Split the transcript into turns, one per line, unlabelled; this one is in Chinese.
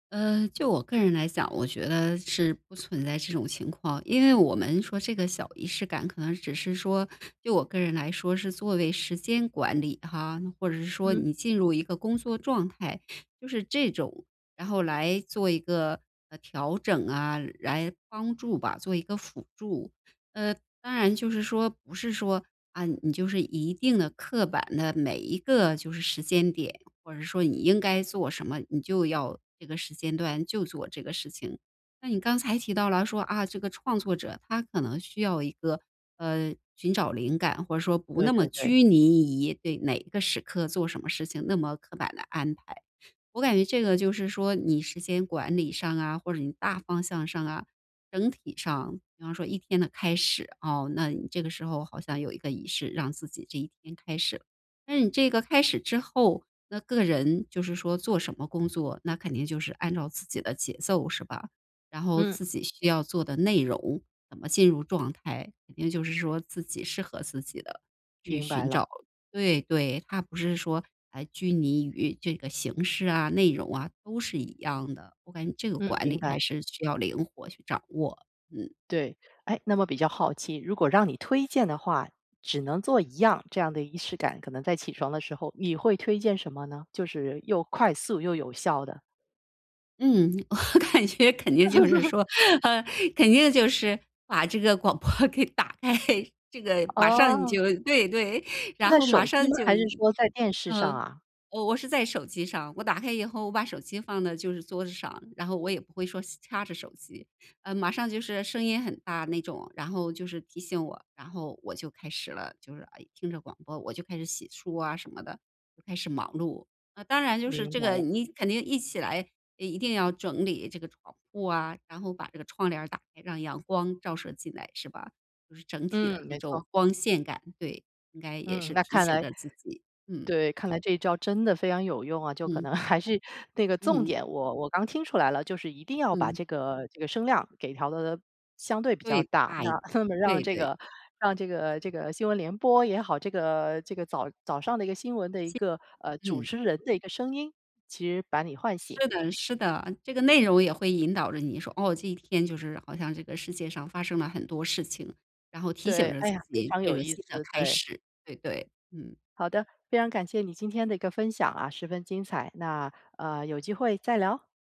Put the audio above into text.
呃，就我个人来讲，我觉得是不存在这种情况。因为我们说这个小仪式感可能只是说就我个人来说是作为时间管理哈，或者是说
嗯。
你进入一个工作状态，就是这种，然后来做一个调整啊，来帮助吧，做一个辅助。呃，当然就是说不是说，啊，你就是一定地刻板地每一个就是时间点，或者说你应该做什么，你就要这个时间段就做这个事情。那你刚才提到了说啊，这个创作者他可能需要一个，呃，寻找灵感，或者说不
对
那么
对对。
拘泥于对哪个时刻做什么事情，那么刻板的安排。我感觉这个就是说你时间管理上啊，或者你大方向上啊，整体上比方说一天的开始啊，那你这个时候好像有一个仪式让自己这一天开始，那你这个开始之后，那个人就是说做什么工作，那肯定就是按照自己的节奏是吧，然后
嗯。
自己需要做的内容怎么进入状态，肯定就是说自己适合自己地去
明白
寻
了。
找对，对，它不是说还拘泥于这个形式啊，内容啊，都是一样的，我感觉这个
嗯，
管
明
理还
白。
是需要灵活去掌握，嗯。
对，哎，那么比较好奇，如果让你推荐的话只能做一样，这样的仪式感，可能在起床的时候，你会推荐什么呢？就是又快速、又有效的。
嗯，我感觉肯定就是 说，呃，肯定就是把这个广播给打开，这个马上你
哦。
就对，对，
是
然
在
后马
手机
上
吗？
就
还是说在电视上
嗯，
啊？
我我是在手机上，我打开以后我把手机放到就是桌子上，然后我也不会说掐着手机，呃，马上就是声音很大那种，然后就是提醒我，然后我就开始了，就是，诶，听着广播我就开始洗漱啊什么的，就开始忙碌，啊，当然就是
明
这
白
个
了。
你肯定一起来一定要整理这床铺户啊，然后把这个窗帘儿打开，让阳光照射进来是吧？就是整体的
嗯，
这
没
种
错。
光线感，对，应该也
嗯，
是
那
提
看
醒
来
着自己，嗯。
对，看来这一招真的非常有用啊，就可
嗯。
能 还是那个重
嗯。
点，我我刚听出来了，就是一定要把
嗯。
这个这个声量给调得相对比较
对，
大，
哎，
那那么让
对，
这
对。
个让这个这个新闻联播也好，这个这个早早上的一个新闻的一
其
个，呃，主
嗯。
持人的一个声音，其实把你唤醒。
是的是的，这个内容也会引导着你说，哦，这一天就是好像这个世界上发生了很多事情，然后提醒
对，
着
哎
自
呀，非
己
常
这
有
个
意
新的
思，
开
对。
始，对对。嗯。
好的，非常感谢你今天的一个分享啊，十分精彩，那，呃，有机会再聊。